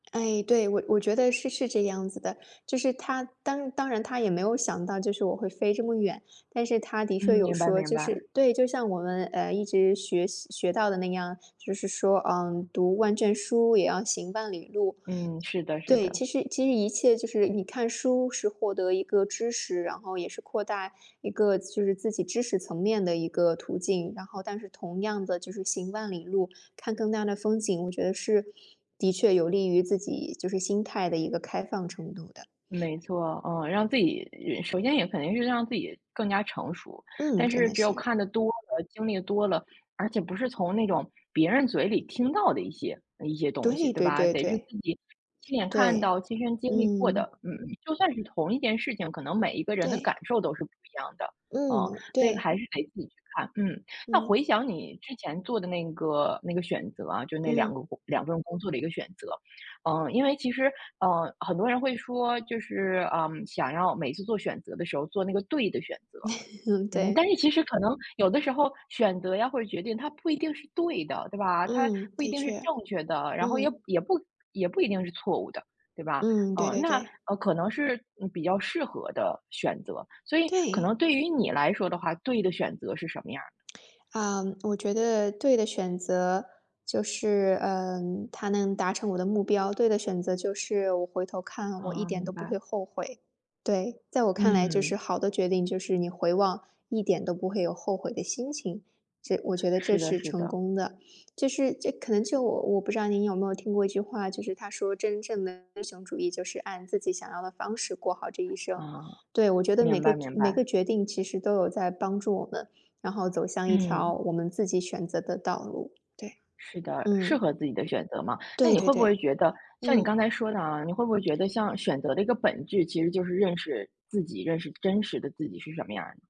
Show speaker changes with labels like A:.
A: 哎，对，我我觉得是是这样子的，就是他当当然他也没有想到就是我会飞这么远。但是他的确
B: 嗯，
A: 有
B: 明白
A: 说，
B: 明
A: 就
B: 白。
A: 是对，就像我们，呃，一直学习学到的那样，就是说，嗯，读万卷书也要行万里路。
B: 嗯，是的是
A: 对，
B: 的。
A: 其实其实一切就是，你看书是获得一个知识，然后也是扩大一个就是自己知识层面的一个途径。然后但是同样的就是行万里路，看更大的风景，我觉得是的确有利于自己就是心态的一个开放程度的。
B: 没错，啊，让自己首先也肯定是让自己更加成熟。
A: 嗯，
B: 但
A: 真
B: 是
A: 的
B: 只有
A: 是。
B: 看得多了，经历多了，而且不是从那种别人嘴里听到的一些一些东西，
A: 对
B: 对
A: 对
B: 吧？
A: 对
B: 得是
A: 对。
B: 自己亲眼看到，
A: 对，
B: 亲身经历过
A: 嗯。
B: 的，嗯，就算是同一件事情，可能每一个人的感
A: 对。
B: 受都是不一样的，嗯。
A: 嗯，
B: 所以
A: 对。
B: 还是得自己去看，嗯。那
A: 嗯。
B: 回想你之前做的那个那个选择啊，就那2个，
A: 嗯。
B: 2份工作的一个选择。嗯，因为其实，呃，很多人会说就是，嗯，想要每次做选择的时候做那个对的选择。嗯，但
A: 对。
B: 是其实可能有的时候选择呀或者决定它不一定是对的，对吧？它
A: 嗯，
B: 不一
A: 的
B: 定是
A: 确，
B: 正确的，然后也
A: 嗯。
B: 也不也不一定是错误的，对吧？
A: 嗯，对
B: 嗯，
A: 对
B: 那
A: 对。
B: 可能是，嗯，比较适合的选择。所以可能
A: 对。
B: 对于你来说的话，对的选择是什么样儿？
A: 啊，我觉得对的选择就是，嗯，它能达成我的目标。对的选择就是我回头看我一
B: 哦，
A: 点
B: 明
A: 都不会
B: 白。
A: 后悔。对，在我看来就是
B: 嗯。
A: 好的决定，就是你回望一点都不会有后悔的心情。这我觉得这
B: 是的
A: 是
B: 是
A: 成
B: 的。
A: 功的，这是这可能就我我不知道您有没有听过一句话，就是它说真正的英雄主义就是按自己想要的方式过好这一生。
B: 嗯，
A: 对，我觉得每
B: 明
A: 个
B: 白明
A: 每个
B: 白。
A: 决定其实都有在帮助我们，然后走向一条
B: 嗯。
A: 我们自己选择的道路，对。
B: 是的，适
A: 嗯。
B: 合自己的选择嘛。那
A: 对
B: 你
A: 对
B: 会不会
A: 对，
B: 觉得像你
A: 嗯。
B: 刚才说的啊，你会不会觉得像选择的一个本质，其实就是认识自己，认识真实的自己是什么样儿？